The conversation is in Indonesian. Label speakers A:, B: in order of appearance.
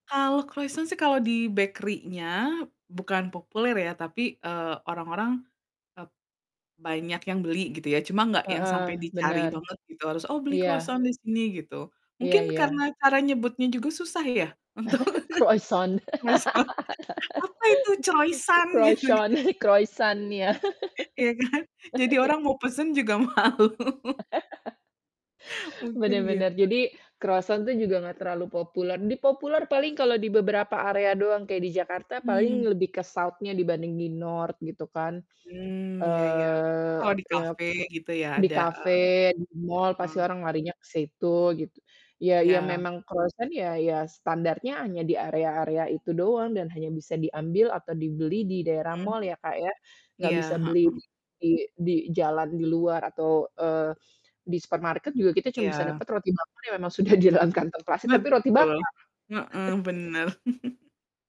A: Kalo kroisan sih kalo di bakerinya bukan populer ya tapi, eee, orang-orang, e banyak yang beli gitu ya cuma nggak yang
B: Heeh,
A: sampe dicari
B: benar,
A: banget gitu harus, "Oh, beli
B: iya.
A: kroisan di sini," gitu.
B: Iya
A: Mungkin karena
B: iya.
A: cara nyebutnya juga susah ya untuk,
B: Kroison.
A: mesen, "Apa itu Croisan?"
B: Kroison, kroisan ya.
A: Iya, kan. Jadi orang mau pesen juga malu. Mungkin,
B: Bener bener.
A: gitu.
B: Jadi kroisan tuh juga nggak terlalu populer. Di populer paling kalau di beberapa area doang kayak di Jakarta paling
A: Hmm.
B: lebih ke south-nya dibanding di north gitu kan.
A: Mmm, ya ya, oh, itu
B: Eee,
A: kalau di
B: e ap
A: kafe gitu ya
B: di
A: ada, eee,
B: kafe, di mal pasti
A: mmm.
B: orang larinya ke situ gitu. Ya, iya
A: Iya.
B: memang kroisan ya ya, standarnya hanya di area-area itu doang dan hanya bisa diambil atau dibeli di daerah
A: Mhm.
B: mal ya, Kak, ya. Nggak
A: Iya,
B: bisa beli
A: hmm.
B: di di di jalan di luar atau, eee, di supermarket juga kita cuma bisa
A: Iya.
B: dapet roti bakar yang memang sudah di dalam kantong plastik tapi roti
A: Betul,
B: bakar.
A: heeh, bener.